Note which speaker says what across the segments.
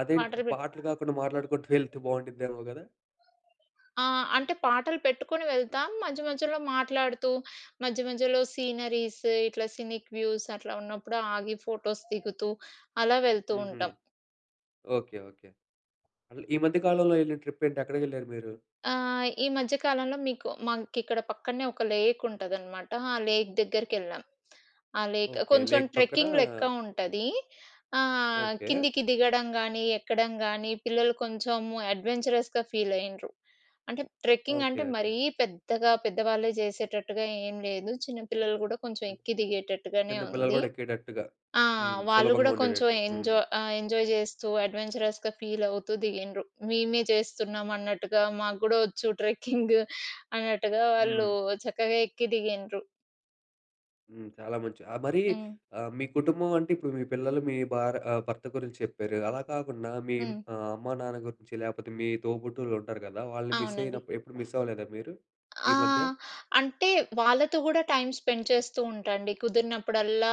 Speaker 1: అదేంటి!
Speaker 2: పాటలు పెట్టు
Speaker 1: పాటలు గాకుండా మాట్లాడుకుంటూ వెళ్తే బావుండిద్దేమో గదా!
Speaker 2: ఆ! అంటే పాటలు పెట్టుకొని వెళ్తాం. మధ్య మధ్యలో మాట్లాడుతూ మధ్య మధ్యలో సీనరీస్ ఇట్లా సినిక్ వ్యూస్ అట్లా ఉన్నప్పుడు ఆగి ఫోటోస్ దిగుతూ అలా వెళ్తూ
Speaker 1: హుహు.
Speaker 2: ఉంటాం.
Speaker 1: ఓకే. ఓకే. అసలు ఈ మధ్య కాలంలో యెళ్ళిన ట్రిప్ ఏంటి? ఎక్కడికెళ్లారు మీరు?
Speaker 2: ఆ! ఈ మధ్య కాలంలో మీకు మాకిక్కడ పక్కన్నే ఒక లేక్ ఉంటుందన్నమాట. ఆ లేక్ దగ్గరికెళ్ళాం. ఆ లేక్
Speaker 1: ఓకే.
Speaker 2: కొంచెం
Speaker 1: లేక్ పక్కనా
Speaker 2: ట్రెక్కింగ్ లెక్క ఉంటది. ఆహ్,
Speaker 1: ఓకే.
Speaker 2: కిందికి దిగడం గానీ ఎక్కడం గానీ పిల్లలు కొంచెం అడ్వెంచరస్‌గా ఫీల్ అయ్యిండ్రు. అంటే ట్రెక్కింగ్
Speaker 1: ఓకే.
Speaker 2: అంటే
Speaker 1: ఓకే.
Speaker 2: మరీ పెద్దగా పెద్దవాళ్లే జేసేటట్టుగా ఏం లేదు చిన్న పిల్లలు గూడా కొంచెం ఎక్కి దిగేటట్టుగానే
Speaker 1: చిన్న పిల్లలు
Speaker 2: ఉంది.
Speaker 1: గూడా ఎక్కేటట్టుగా.
Speaker 2: ఆ!
Speaker 1: హ్మ్.
Speaker 2: వాళ్ళు
Speaker 1: సులభంగా
Speaker 2: గూడా కొంచెం
Speaker 1: ఉండేటట్టు. హ్మ్.
Speaker 2: ఎంజా ఆ! ఎంజాయ్ చేస్తూ అడ్వెంచరస్‌గా ఫీల్ అవుతూ దిగిండ్రు. మేమే చేస్తున్నామన్నట్టుగా మాకు గూడా వచ్చు ట్రెక్కింగ్ అన్నట్టుగా వాళ్ళు
Speaker 1: హ్మ్.
Speaker 2: చక్కగా ఎక్కి దిగిండ్రు.
Speaker 1: హ్మ్. చాలా మంచి ఆహ్, మరి
Speaker 2: హ్మ్.
Speaker 1: ఆహ్, మీ కుటుంబం అంటే ఇప్పుడు మీ పిల్లలు మీ భార్ ఆహ్, భర్త గురించి చెప్పారు. అలా కాకుండా మీ
Speaker 2: హ్మ్.
Speaker 1: ఆహ్, అమ్మ, నాన్న గురించి లేకపోతే మీ తోబుట్టువులుంటారు గదా! వాళ్ళని మిస్
Speaker 2: అవునండి.
Speaker 1: అయినప్ ఎప్పుడు మిస్ అవ్వలేదా మీరు
Speaker 2: ఆ!
Speaker 1: ఈ మధ్య?
Speaker 2: అంటే వాళ్ళతో గూడా టైమ్ స్పెండ్ చేస్తూ ఉంటా అండి. కుదిరినప్పుడల్లా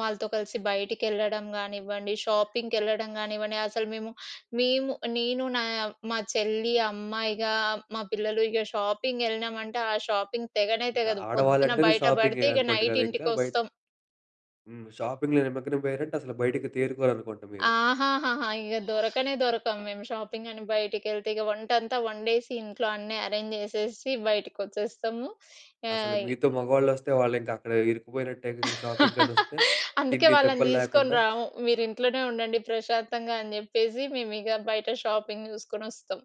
Speaker 2: వాళ్ళతో కలిసి బయటికెళ్ళడం గానివ్వండి షాపింగ్‌‌కెళ్ళడం గానివ్వండి. అసలు మేము మేము నేను నా మా చెల్లి అమ్మ, ఇగా మా పిల్లలు ఇగ షాపింగ్ యెళ్ళినామంటే, ఆ షాపింగ్ తెగనే
Speaker 1: ఇంకా
Speaker 2: తెగదు పొద్దున
Speaker 1: ఆడవాళ్ళంటేనే
Speaker 2: బయట
Speaker 1: షాపింగే
Speaker 2: పడితే ఇగ
Speaker 1: అనుకుంటా
Speaker 2: నైట్
Speaker 1: గదా! ఇంకా బయ
Speaker 2: ఇంటికొస్తం.
Speaker 1: హ్మ్. షాపింగ్‌లో నిమగ్నమయ్యరంటే అసలు బయటికి తేరుకోరనుకుంటా మీరు.
Speaker 2: ఆహాహాహా! ఇక దొరకనే దొరకం మేము షాపింగ్ అని బయటికెళ్తే, ఇగ వంటంతా వండేసి ఇంట్లో అన్నీ అరేంజ్ జేసేసి బయటికొచ్చేస్తాము.
Speaker 1: అసలు
Speaker 2: ఏయ్
Speaker 1: మీతో మగవాళ్ళొస్తే వాళ్లింకా అక్కడ ఇరుక్కుపోయినట్టేగా షాపింగ్‌కనొస్తే
Speaker 2: అందుకే
Speaker 1: తిండి
Speaker 2: వాళ్ళని
Speaker 1: తిప్పలు
Speaker 2: తీసుకొని
Speaker 1: లేకుండా.
Speaker 2: రాము. మీరు ఇంట్లోనే ఉండండి ప్రశాంతంగా అని జెప్పేసి మేమిగ బయట షాపింగ్ జూసుకొనొస్తాం.